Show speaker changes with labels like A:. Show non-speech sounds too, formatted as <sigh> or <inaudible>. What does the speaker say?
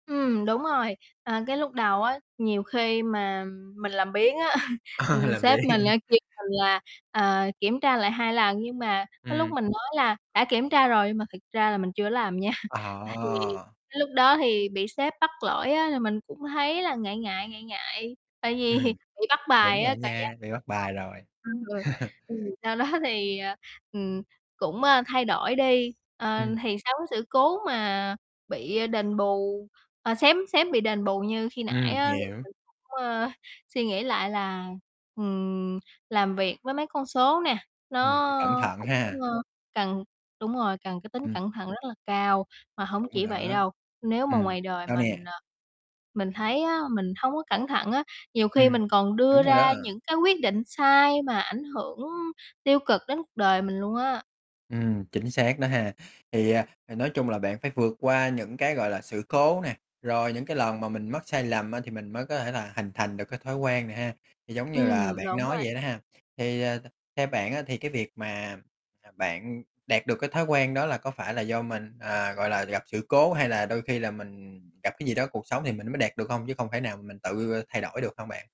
A: Ừm, đúng rồi, à, cái lúc đầu á, nhiều khi mà mình làm biếng á, <chuckles>
B: A,
A: ừm,
B: là
A: sếp
B: vậy.
A: mình á kêu mình là, à, kiểm tra lại 2 lần, nhưng mà có lúc
B: Ừm.
A: mình nói là đã kiểm tra rồi, nhưng mà thực ra là mình chưa có làm nha. À, thì
B: À.
A: cái lúc đó thì bị sếp bắt lỗi á, thì mình cũng thấy là ngại ngại, ngại ngại, tại vì
B: Ừm,
A: bị bắt
B: đúng
A: bài
B: rồi
A: á,
B: á
A: cảm giác
B: nha,
A: bị
B: bị
A: bắt
B: bắt
A: bài.
B: bài rồi.
A: Ừm,
B: <chuckles>
A: ừ, sau đó thì, ờ, ừm, cũng, ơ, thay đổi đi. Ờ,
B: Ừm.
A: thì sau cái sự cố mà bị đền bù à, xém xém bị đền bù như khi nãy
B: Ừm,
A: á, thì
B: hiểu.
A: mình cũng, ờ, suy nghĩ lại là, ừm, làm việc với mấy con số nè,
B: Ừm, phải cẩn
A: nó
B: thận
A: cũng,
B: ha?
A: ơ, cần đúng rồi, cần cái tính
B: Ừm.
A: cẩn thận rất là cao. Mà hổng
B: Đúng rồi
A: chỉ vậy
B: đó.
A: đâu, nếu mà
B: Ừm,
A: ngoài đời
B: sao
A: mình
B: nè?
A: ờ, mình thấy á, mình hông có cẩn thận á, nhiều
B: Ừm,
A: khi mình còn đưa
B: đúng rồi đó.
A: ra những cái quyết định sai mà ảnh hưởng tiêu cực đến cuộc đời mình luôn á.
B: Ừm, chính xác đó ha. Thì, à, ờ, nói chung là bạn phải vượt qua những cái, gọi là, sự cố nè, rồi những cái lần mà mình mắc sai lầm á, thì mình mới có thể là hình thành được cái thói quen này ha, thì giống như là
A: Ừm,
B: bạn
A: đúng
B: nói
A: rồi.
B: vậy đó ha. Thì, à, theo bạn á thì cái việc mà, à, bạn đạt được cái thói quen đó là có phải là do mình à, gọi là, gặp sự cố hay là đôi khi là mình gặp cái gì đó cuộc sống thì mình mới đạt được hông, chứ không phải nào mình tự thay đổi được hông bạn?